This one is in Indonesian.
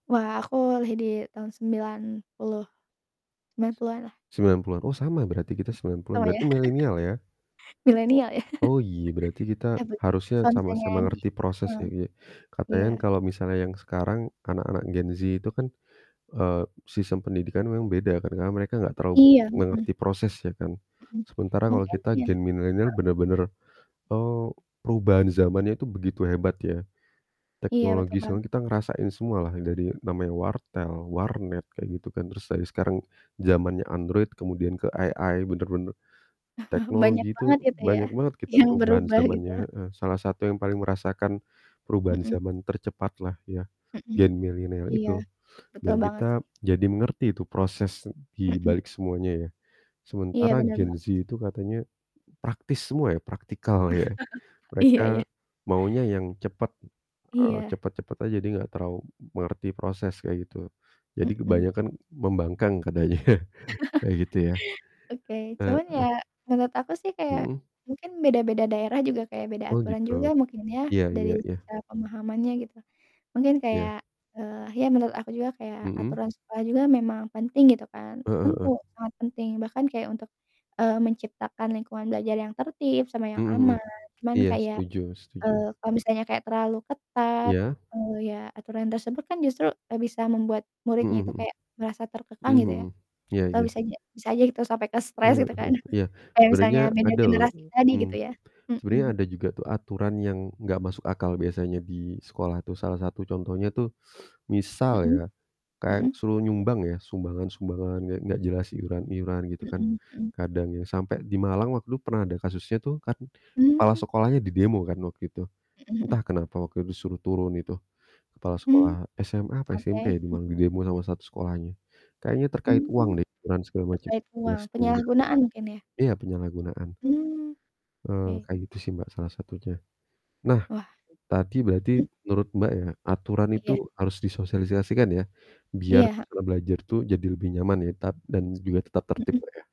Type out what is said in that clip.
Wah, aku lahir di tahun sembilan puluh 90-an lah. 90-an, oh, sama berarti Mhm. kita 90-an, Oh, ya? berarti milenial ya? Milenial ya? Oh, iya, berarti kita Iya betul, harusnya kalau misalnya sama-sama di ngerti heeh. prosesnya, iya. Katanya Iya. kan kalau misalnya yang sekarang anak-anak Gen Z itu kan, eee, sistem pendidikan memang beda kan, karena mereka gak terlalu banyak Iya, mhm. mengerti prosesnya kan. Mhm, Sementara kalau mungkin kita iya. Gen Milenial Heeh. bener-bener, eee, perubahan zamannya itu begitu hebat ya. Iya, betul Teknologi banget soalnya kita sih. ngerasain semua lah yang dari namanya wartel, warnet, kayak gitu kan. Terus dari sekarang zamannya Android kemudian ke AI, bener-bener Banyak teknologi itu banget gitu ya, banyak banget kita yang perubahan berubah gitu. zamannya, heeh. Salah satu yang paling merasakan perubahan Mhm. zaman tercepat lah ya, Mhm, Gen Milenial iya, itu. betul Dan banget sih. kita jadi mengerti itu proses di Mhm. balik semuanya ya. Iya, Sementara bener banget sih. Gen Z itu katanya praktis semua ya, practical ya. Mereka Iya iya. maunya yang cepet, eee, Iya. cepet-cepet aja, dia gak terau mengerti proses, kayak gitu. Jadi Mhm. kebanyakan membangkang katanya, kayak gitu ya, Oke, cuman heeh. ya, menurut aku sih kayak Mhm. mungkin beda-beda daerah juga kayak beda Oh aturan gitu. juga mungkin ya, Iya iya dari iya. secara pemahamannya gitu. Mungkin Iya. kayak ya, eee, ya menurut aku juga kayak Mhm. aturan sekolah juga memang penting, gitu kan, Heeh tentu heeh. sangat penting, bahkan kayak untuk, eee, menciptakan lingkungan belajar yang tertib sama Mhm yang mhm. aman. Cuman Iya, kayak, setuju setuju. eee, kalau misalnya kayak terlalu ketat, Iya. eee, ya, aturan tersebut kan justru, eee, bisa membuat Mhm muridnya itu mhm. kayak ngerasa terkekang Mmm, gitu ya. mhm. Iya Atau iya. bisa aja bisa aja gitu sampai ke stres Eee, gitu kan, heeh. Iya. kayak Sebenarnya misalnya beda ada loh generasi tadi gitu mmm, ya. sebenarnya Mhm. ada juga tuh aturan yang gak masuk akal biasanya di sekolah tuh, salah satu contohnya tuh, misal ya, Mhm, kayak mhm. suruh nyumbang ya, sumbangan-sumbangan gak gak jelas, iuran iuran, gitu kan, Mhm, mmm. kadang ya sampai di Malang waktu itu pernah ada kasusnya tuh kan, kepala Mmm. sekolahnya didemo kan waktu itu. Mhm mhm. Entah kenapa waktu itu, disuruh turun itu, kepala Mmm, sekolah SMA apa oke, SMP ya, di mmm. Malang, didemo sama satu sekolahnya. Kayaknya terkait uang Mmm, deh, iuran, segala macam. terkait uang, [unintelligible] penyalahgunaan mungkin ya? Iya, penyalahgunaan. Mmm, Eee, oke. kayak gitu sih, Mbak, salah satunya. Nah, Wah. tadi berarti Mhm. menurut, Mbak, ya, aturan itu Iya. harus disosialisasikan ya, biar Iya, heeh. suasana belajar tuh jadi lebih nyaman ya, tat dan juga tetap tertib, Mhm. Mbak, ya?